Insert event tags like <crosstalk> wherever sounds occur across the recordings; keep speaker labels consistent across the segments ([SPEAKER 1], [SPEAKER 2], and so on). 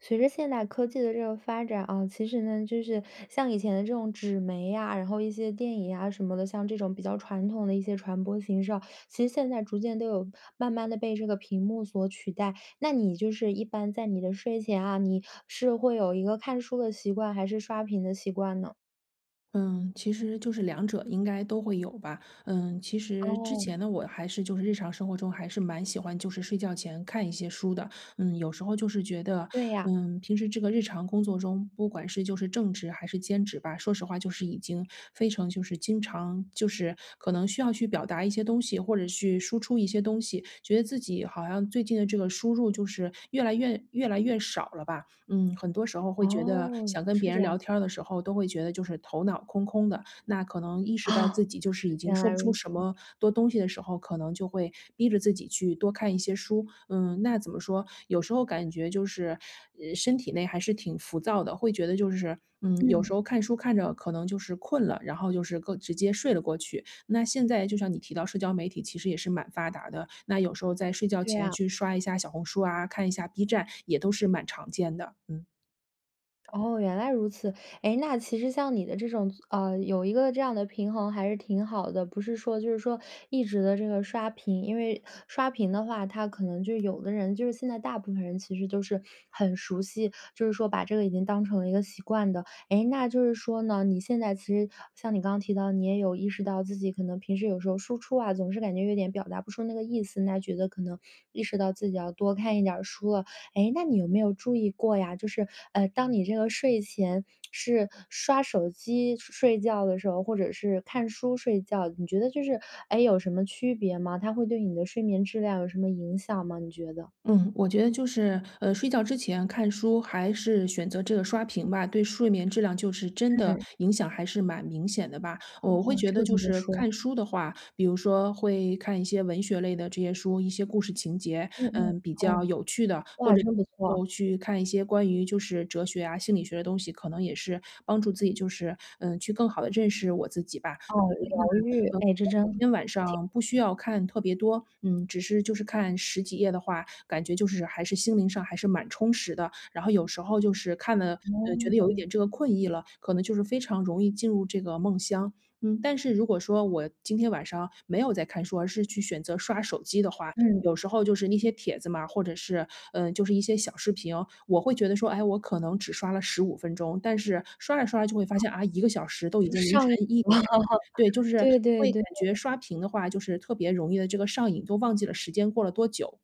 [SPEAKER 1] 随着现代科技的这个发展啊，其实呢，就是像以前的这种纸媒呀，然后一些电影啊什么的，像这种比较传统的一些传播形式啊。其实现在逐渐都有慢慢地被这个屏幕所取代。那你就是一般在你的睡前啊，你是会有一个看书的习惯，还是刷屏的习惯呢？
[SPEAKER 2] 嗯，其实就是两者应该都会有吧。嗯，其实之
[SPEAKER 1] 哦。
[SPEAKER 2] 前呢，我还是就是日常生活中，还是蛮喜欢就是睡觉前看一些书的。嗯，有时候就是觉得，
[SPEAKER 1] 对呀。
[SPEAKER 2] 嗯，平时这个日常工作中，不管是就是正职还是兼职吧，说实话就是已经非常就是经常就是可能需要去表达一些东西，或者去输出一些东西，觉得自己好像最近的这个输入，就是越来越越来越少了吧。嗯，很多时候会觉得，
[SPEAKER 1] 哦，
[SPEAKER 2] 想跟
[SPEAKER 1] 是
[SPEAKER 2] 别人
[SPEAKER 1] 这
[SPEAKER 2] 聊
[SPEAKER 1] 样。
[SPEAKER 2] 天儿的时候，都会觉得就是头脑空空的。那可能意识到自
[SPEAKER 1] <chuckles>
[SPEAKER 2] 己就是已经
[SPEAKER 1] 原
[SPEAKER 2] 说
[SPEAKER 1] 来
[SPEAKER 2] 不出
[SPEAKER 1] 如
[SPEAKER 2] 什
[SPEAKER 1] 此。
[SPEAKER 2] 么多东西的时候，可能就会逼着自己去多看一些书。嗯，那怎么说，有时候感觉就是，呃身体内还是挺浮躁的，会觉得就是，嗯，有
[SPEAKER 1] 嗯。
[SPEAKER 2] 时候看书看着，可能就是困了，然后就是个直接睡了过去。那现在就像你提到社交媒体，其实也是蛮发达的，那有时候在睡觉
[SPEAKER 1] 对
[SPEAKER 2] 前，
[SPEAKER 1] 啊。
[SPEAKER 2] 去刷一下小红书啊，看一下 B 站，也都是蛮常见的，嗯。
[SPEAKER 1] 哦，原来如此。哎，那其实像你的这种，啊，有一个这样的平衡，还是挺好的。不是说就是说，一直的这个刷屏。因为刷屏的话，它可能就有的人就是现在大部分人其实都是，很熟悉，就是说把这个已经当成了一个习惯的。哎，那就是说呢，你现在其实像你刚刚提到，你也有意识到自己可能平时有时候输出啊，总是感觉有点表达不出那个意思，那觉得可能意识到自己要多看一点儿书了。哎，那你有没有注意过呀，就是，呃，当你这个睡前是刷手机睡觉的时候，或者是看书睡觉，你觉得就是哎，有什么区别吗？它会对你的睡眠质量有什么影响吗你觉得？
[SPEAKER 2] 嗯，我觉得就是，呃，睡觉之前看书，还是选择这个刷屏吧，对睡眠质量就是真的，
[SPEAKER 1] 嗯。
[SPEAKER 2] 影响还是蛮明显的吧。我会
[SPEAKER 1] 哦，
[SPEAKER 2] 觉
[SPEAKER 1] 这
[SPEAKER 2] 得，
[SPEAKER 1] 个
[SPEAKER 2] 就
[SPEAKER 1] 怎么
[SPEAKER 2] 是
[SPEAKER 1] 说？
[SPEAKER 2] 看书的话，比如说会看一些文学类的这些书一些故事情节，
[SPEAKER 1] 嗯嗯，
[SPEAKER 2] 嗯，比较
[SPEAKER 1] 哦。
[SPEAKER 2] 有趣的。或
[SPEAKER 1] 哇，真不
[SPEAKER 2] 者
[SPEAKER 1] 错。
[SPEAKER 2] 就去看一些关于，就是哲学，啊，心理学的东西，可能也是帮助自己，就是，嗯，去更好地认识我自己吧。
[SPEAKER 1] 哦，疗愈。
[SPEAKER 2] 呃，
[SPEAKER 1] 哎，这真，
[SPEAKER 2] 每天晚
[SPEAKER 1] 挺
[SPEAKER 2] 上不需要看特别多，嗯，只是就是看10几页的话，感觉就是还是心灵上还是蛮充实的。然后有时候就是看了，呃，觉得有一
[SPEAKER 1] 哦。
[SPEAKER 2] 点这个困意了，可能就是非常容易进入这个梦乡。嗯，但是如果说，我今天晚上没有在看书，而是去选择刷手机的话，
[SPEAKER 1] 嗯。
[SPEAKER 2] 有时候就是那些帖子嘛，或者是，呃，就是一些小视频，我会觉得说：“哎，我可能只刷了15分钟。”但是刷着刷就会发现啊，1个小时都已
[SPEAKER 1] 就
[SPEAKER 2] 经凌晨
[SPEAKER 1] 上瘾
[SPEAKER 2] 1点。
[SPEAKER 1] 了，
[SPEAKER 2] 对，就是
[SPEAKER 1] 对对
[SPEAKER 2] 会
[SPEAKER 1] 对。
[SPEAKER 2] 感觉，刷屏的话，就是特别容易地，这个上瘾，都忘记了时间过了多久。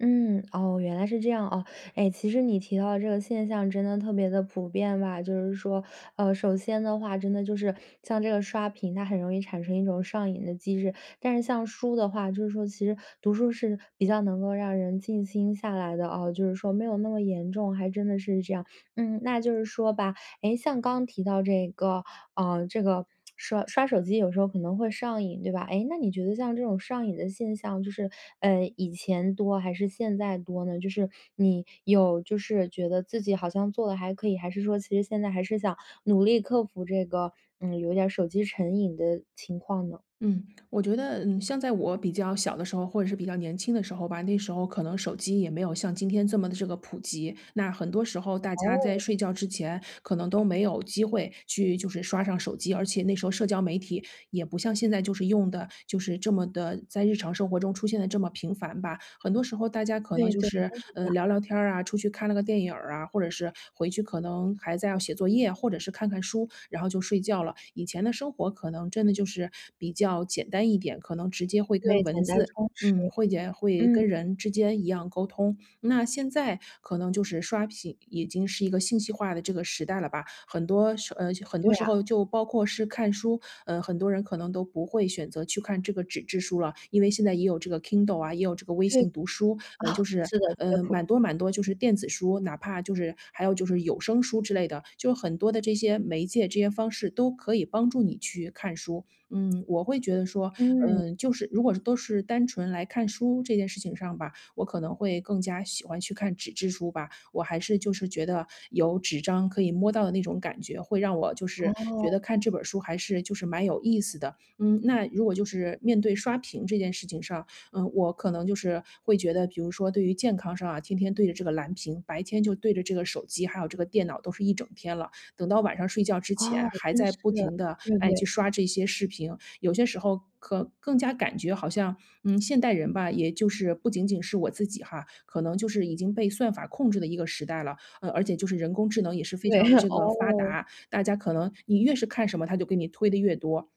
[SPEAKER 1] 嗯，哦，原来是这样啊。诶其实你提到这个现象真的特别地普遍吧。就是说呃，首先的话，真的就是像这个刷屏它很容易产生一种上瘾的机制。但是像书的话就是说其实读书是比较能够让人静心下来的，哦就是说没有那么严重，还真的是这样。嗯，那就是说吧诶，像刚提到这个啊这个刷刷手机有时候可能会上瘾，对吧？诶那你觉得像这种上瘾的现象，就是嗯，以前多还是现在多呢？就是你有就是觉得自己好像做得还可以，还是说其实现在还是想努力克服这个嗯，有点手机成瘾的情况呢？
[SPEAKER 2] 嗯，我觉得嗯，像在我比较小的时候，或者是比较年轻的时候吧，那时候可能手机也没有像今天这么的这个普及。那很多时候大家在
[SPEAKER 1] 哦。
[SPEAKER 2] 睡觉之前可能都没有机会去就是刷上手机，而且那时候社交媒体也不像现在就是用得就是这么的在日常生活中出现得这么频繁吧。很多时候大家可能
[SPEAKER 1] 对
[SPEAKER 2] 就
[SPEAKER 1] 对，
[SPEAKER 2] 是，
[SPEAKER 1] 真是这
[SPEAKER 2] 呃，
[SPEAKER 1] 样。
[SPEAKER 2] 聊聊天儿啊，出去看了个电影啊，或者是回去可能孩子要写作业或者是看看书，然后就睡觉了。以前的生活可能真的就是比较简单一点，可能直接会跟
[SPEAKER 1] 对，
[SPEAKER 2] 文
[SPEAKER 1] 简单
[SPEAKER 2] 字
[SPEAKER 1] 充实，
[SPEAKER 2] 嗯，会也会
[SPEAKER 1] 嗯。
[SPEAKER 2] 跟人之间一样沟通，那现在可能就是刷屏已经是一个信息化的这个时代了吧。很多时呃，很多
[SPEAKER 1] 对
[SPEAKER 2] 时
[SPEAKER 1] 啊。
[SPEAKER 2] 候就包括是看书，呃，很多人可能都不会选择去看这个纸质书了，因为现在也有这个 Kindle 啊，也有这个微
[SPEAKER 1] 对，
[SPEAKER 2] 信读书。呃，
[SPEAKER 1] 啊，
[SPEAKER 2] 就是，
[SPEAKER 1] 是的是的
[SPEAKER 2] 呃，
[SPEAKER 1] 苦
[SPEAKER 2] 蛮多蛮多就是电子书，哪怕就是还有就是有声书之类的，就很多的这些媒介这些方式都可以帮助你去看书。嗯，我会觉得说嗯，
[SPEAKER 1] 嗯。
[SPEAKER 2] 就是如果是都是单纯来看书这件事情上吧，我可能会更加喜欢去看纸质书吧。我还是就是觉得有纸张可以摸到的那种感觉，会让我就是觉
[SPEAKER 1] 哦。
[SPEAKER 2] 得看这本儿书还是就是蛮有意思的。嗯，那如果就是面对刷屏这件事情上，嗯，我可能就是会觉得比如说对于健康上啊，天天对着这个蓝屏，白天就对着这个手机，还有这个电脑都是一整天了，等到晚上睡觉之
[SPEAKER 1] 哦，
[SPEAKER 2] 前还
[SPEAKER 1] 真
[SPEAKER 2] 在
[SPEAKER 1] 是。
[SPEAKER 2] 不停地，
[SPEAKER 1] 对
[SPEAKER 2] 哎，去
[SPEAKER 1] 对。
[SPEAKER 2] 刷这些视频，有些时候可更加感觉好像，嗯，现代人吧，也就是不仅仅是我自己哈，可能就是已经被算法控制的一个时代了。呃，而且就是人工智能也是非
[SPEAKER 1] 对，
[SPEAKER 2] 常的
[SPEAKER 1] <laughs>
[SPEAKER 2] 这个发
[SPEAKER 1] 哦。
[SPEAKER 2] 达，大家可能你越是看什么它就给你推得越多。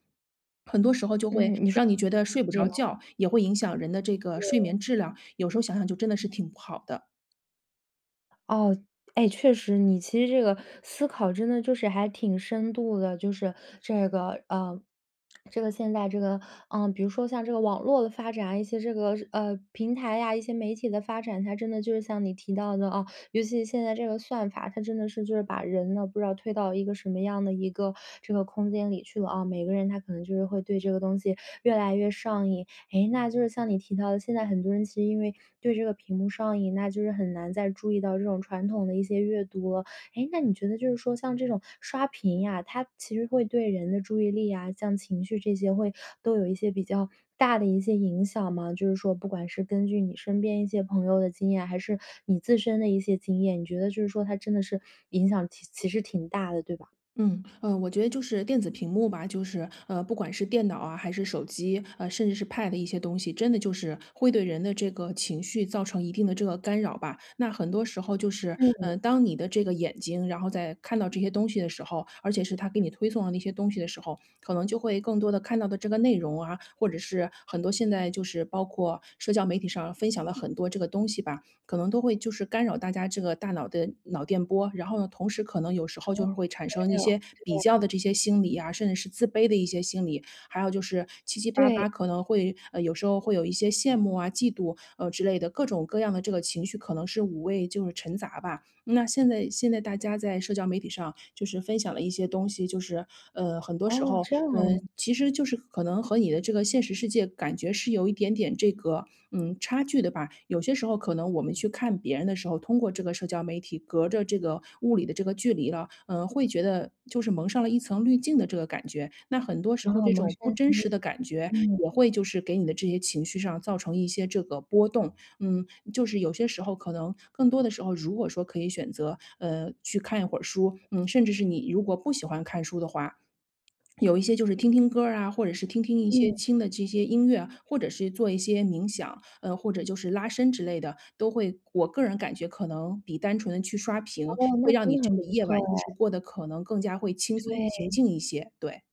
[SPEAKER 2] 很多时候就会
[SPEAKER 1] 嗯，你说
[SPEAKER 2] 让你觉得睡
[SPEAKER 1] <unintelligible>
[SPEAKER 2] 不
[SPEAKER 1] 这
[SPEAKER 2] 着
[SPEAKER 1] 样。
[SPEAKER 2] 觉，也会影响人的这个睡
[SPEAKER 1] 对。
[SPEAKER 2] 眠质量，有时候想想就真的是挺不好的。
[SPEAKER 1] 哦，诶，确实。你其实这个思考真的就是还挺深度的，就是这个呃，<smacks lips> 这个现在这个，啊，比如说像这个网络的发展，一些这个呃，平台呀，一些媒体的发展，它真的就是像你提到的啊，尤其现在这个算法，它真的是就是把人呢，不知道推到一个什么样的一个这个空间里去了啊。每个人他可能就是会对这个东西越来越上瘾。诶，那就是像你提到的，现在很多人其实因为对这个屏幕上瘾，那就是很难再注意到这种传统的一些阅读了。诶，那你觉得就是说像这种刷屏呀，它其实会对人的注意力呀，像情绪这些会都有一些比较大的一些影响吗？就是说不管是根据你身边一些朋友的经验，还是你自身的一些经验，你觉得就是说它真的是影响其其实挺大的，对吧？
[SPEAKER 2] 嗯，呃，我觉得就是电子屏幕吧，就是，呃，不管是电脑啊还是手机，呃，甚至是 pad 一些东西，真的就是会对人的这个情绪造成一定的这个干扰吧。那很多时候就是，
[SPEAKER 1] 嗯。
[SPEAKER 2] 呃，当你的这个眼睛，然后在看到这些东西的时候，而且是它给你推送的那些东西的时候，可能就会更多地看到的这个内容啊，或者是很多现在就是包括社交媒体上分享了很多这个东西吧，可能都会就是干扰大家这个大脑的脑电波。然后呢，同时可能有时候
[SPEAKER 1] 哦。
[SPEAKER 2] 就会产生
[SPEAKER 1] 干
[SPEAKER 2] 一些
[SPEAKER 1] 扰，这
[SPEAKER 2] 比较
[SPEAKER 1] 样。
[SPEAKER 2] 的这些心理啊，甚至是自卑的一些心理，还有就是七七八
[SPEAKER 1] 对。
[SPEAKER 2] 八可能会呃，有时候会有一些羡慕啊、嫉妒，呃，之类的，各种各样的这个情绪可能是五味就是陈杂吧。那现在现在大家在社交媒体上就是分享了一些东西，就是，呃，很多时
[SPEAKER 1] 哦，
[SPEAKER 2] 候，
[SPEAKER 1] 这样
[SPEAKER 2] 嗯，
[SPEAKER 1] 啊。
[SPEAKER 2] 其实就是可能和你的这个现实世界感觉是有一点点这个，嗯，差距的吧。有些时候可能我们去看别人的时候，通过这个社交媒体，隔着这个物理的这个距离了，呃，会觉得就是蒙上了一层滤镜的这个感觉。那很多时候
[SPEAKER 1] 哦，
[SPEAKER 2] 这
[SPEAKER 1] 蒙
[SPEAKER 2] 种
[SPEAKER 1] 上
[SPEAKER 2] 不
[SPEAKER 1] 一
[SPEAKER 2] 真
[SPEAKER 1] 层
[SPEAKER 2] 实
[SPEAKER 1] 雾。
[SPEAKER 2] 的感觉，
[SPEAKER 1] 嗯。
[SPEAKER 2] 也会就是给你的这些情绪上造成一些这个波动。嗯，就是有些时候可能更多的时候，如果说可以选择，呃，去看一会儿书，嗯，甚至是你如果不喜欢看书的话，<swallows> 有一些就是听听歌儿啊，或者是听听一些
[SPEAKER 1] 嗯。
[SPEAKER 2] 轻的这些音乐，或者是做一些冥想，呃，或者就是拉伸之类的，都会我个人感觉可能比单纯地去刷屏，
[SPEAKER 1] 哦，那
[SPEAKER 2] 会让你
[SPEAKER 1] 真的
[SPEAKER 2] 这
[SPEAKER 1] 很
[SPEAKER 2] 个
[SPEAKER 1] 不
[SPEAKER 2] 夜晚
[SPEAKER 1] 错
[SPEAKER 2] 就是
[SPEAKER 1] 诶。
[SPEAKER 2] 过得可能更加会轻松、平
[SPEAKER 1] 对。
[SPEAKER 2] 静一些，对。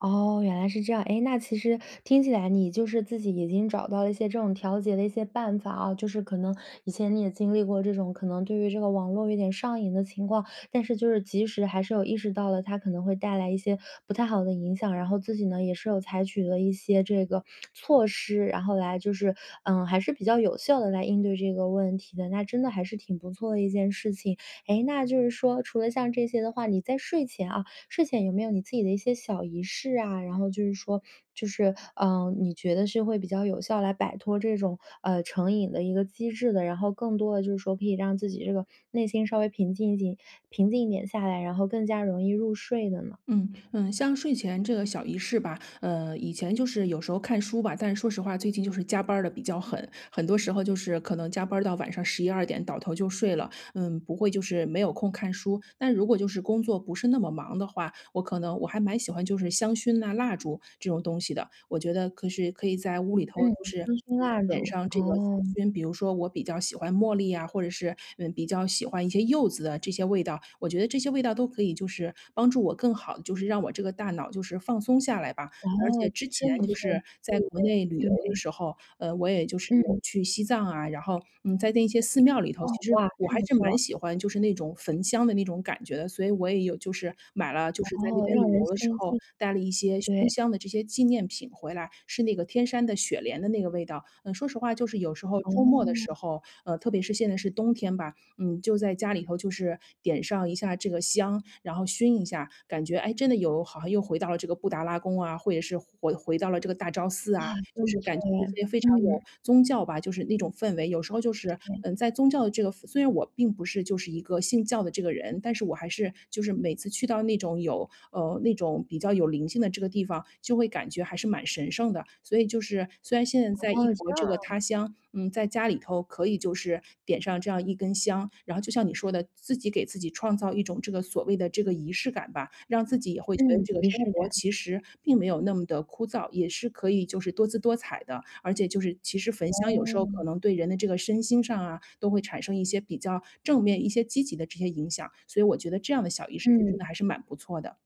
[SPEAKER 1] 哦，原来是这样，哎，那其实听起来你就是自己已经找到了一些这种调节的一些办法啊，就是可能以前你也经历过这种可能对于这个网络有点上瘾的情况，但是就是及时还是有意识到了，它可能会带来一些不太好的影响。然后自己呢也是有采取了一些这个措施，然后来就是，嗯，还是比较有效地来应对这个问题的，那真的还是挺不错的一件事情。哎，那就是说除了像这些的话，你在睡前啊，睡前有没有你自己的一些小仪式啊？然后就是说就是，啊，你觉得是会比较有效来摆脱这种啊成瘾的一个机制的，然后更多地就是说可以让自己这个内心稍微平静静平静一点下来，然后更加容易入睡的呢？
[SPEAKER 2] 嗯，嗯，像睡前这个小仪式吧，呃，以前就是有时候看书吧，但是说实话最近就是加班儿地比较狠，很多时候就是可能加班儿到晚上11-12点，倒头就睡了。嗯，不会就是没有空看书，但如果就是工作不是那么忙的话，我可能我还蛮喜欢就是香薰呐、蜡烛这种东西的，我觉得可是可以在屋里头
[SPEAKER 1] 嗯，
[SPEAKER 2] 就是
[SPEAKER 1] 香薰蜡
[SPEAKER 2] 点
[SPEAKER 1] 烛，
[SPEAKER 2] 上这个香
[SPEAKER 1] 哦。
[SPEAKER 2] 薰。比如说我比较喜欢茉莉啊，或者是，嗯，比较喜欢一些柚子的这些味道，我觉得这些味道都可以就是帮助我更好地就是让我这个大脑就是放松下来吧。
[SPEAKER 1] 哦，
[SPEAKER 2] 而且之
[SPEAKER 1] 这真
[SPEAKER 2] 前
[SPEAKER 1] 不
[SPEAKER 2] 就
[SPEAKER 1] 错。
[SPEAKER 2] 是
[SPEAKER 1] 对
[SPEAKER 2] 在国内旅
[SPEAKER 1] 对，
[SPEAKER 2] 游的
[SPEAKER 1] 对。
[SPEAKER 2] 时候，呃，我也就是有
[SPEAKER 1] 嗯。
[SPEAKER 2] 去西藏啊，然后，嗯，在那些寺庙里头，
[SPEAKER 1] 哦，
[SPEAKER 2] 其实
[SPEAKER 1] 哇，
[SPEAKER 2] 我
[SPEAKER 1] 真
[SPEAKER 2] 还
[SPEAKER 1] 不
[SPEAKER 2] 是蛮
[SPEAKER 1] 错。
[SPEAKER 2] 喜欢就是那种焚香的那种感觉的，所以我也有就是买了就是在那
[SPEAKER 1] 哦，
[SPEAKER 2] 边
[SPEAKER 1] 让
[SPEAKER 2] 旅
[SPEAKER 1] 人
[SPEAKER 2] 游的
[SPEAKER 1] 相
[SPEAKER 2] 时候
[SPEAKER 1] 信。
[SPEAKER 2] 带了一些熏
[SPEAKER 1] 对。
[SPEAKER 2] 香的这些纪念品回来，是那个天山的雪莲的那个味道。嗯，说实话就是有时候周末的时
[SPEAKER 1] 哦。
[SPEAKER 2] 候，呃，特别是现在是冬天吧，嗯，就在家里头就是点上一下这个香，然后熏一下，感觉，哎，真的有好像又回到了这个布达拉宫啊，或者是回回到了这个大昭寺啊，
[SPEAKER 1] 哇，
[SPEAKER 2] 就
[SPEAKER 1] 真
[SPEAKER 2] 是
[SPEAKER 1] 不错
[SPEAKER 2] 感觉这
[SPEAKER 1] 耶，
[SPEAKER 2] 些非常有
[SPEAKER 1] 嗯。
[SPEAKER 2] 宗教吧，就是那种氛围。有时候就是，
[SPEAKER 1] 对。
[SPEAKER 2] 嗯，在宗教的这个虽然我并不是就是一个信教的这个人，但是我还是就是每次去到那种有呃，那种比较有灵性的这个地方，就会感觉还是蛮神圣的。所以就是虽然现在在异
[SPEAKER 1] 哦，这
[SPEAKER 2] 国
[SPEAKER 1] 样
[SPEAKER 2] 这个
[SPEAKER 1] 啊。
[SPEAKER 2] 他乡嗯，在家里头可以就是点上这样一根香，然后就像你说的自己给自己创造一种这个所谓的这个仪式感吧，让自己也会觉得
[SPEAKER 1] 嗯，
[SPEAKER 2] 这个
[SPEAKER 1] 仪
[SPEAKER 2] 生
[SPEAKER 1] 式
[SPEAKER 2] 活
[SPEAKER 1] 感。
[SPEAKER 2] 其实并没有那么地枯燥，也是可以就是多姿多彩的，而且就是其实焚香有时候
[SPEAKER 1] 哦。
[SPEAKER 2] 可能对人的这个身心上啊，都会产生一些比较正面、一些积极的这些影响，所以我觉得这样的小仪式就真
[SPEAKER 1] 嗯。
[SPEAKER 2] 的还是蛮不错的。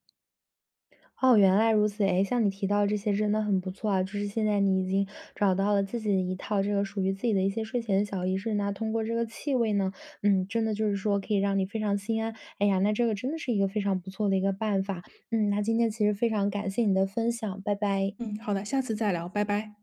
[SPEAKER 1] 哦，原来如此。哎，像你提到这些真的很不错啊。就是现在你已经找到了自己的一套这个属于自己的一些睡前的小仪式，那通过这个气味呢嗯，真的就是说可以让你非常心安。哎呀，那这个真的是一个非常不错的一个办法，嗯，那今天其实非常感谢你的分享，拜拜。
[SPEAKER 2] 嗯，好的，下次再聊，拜拜。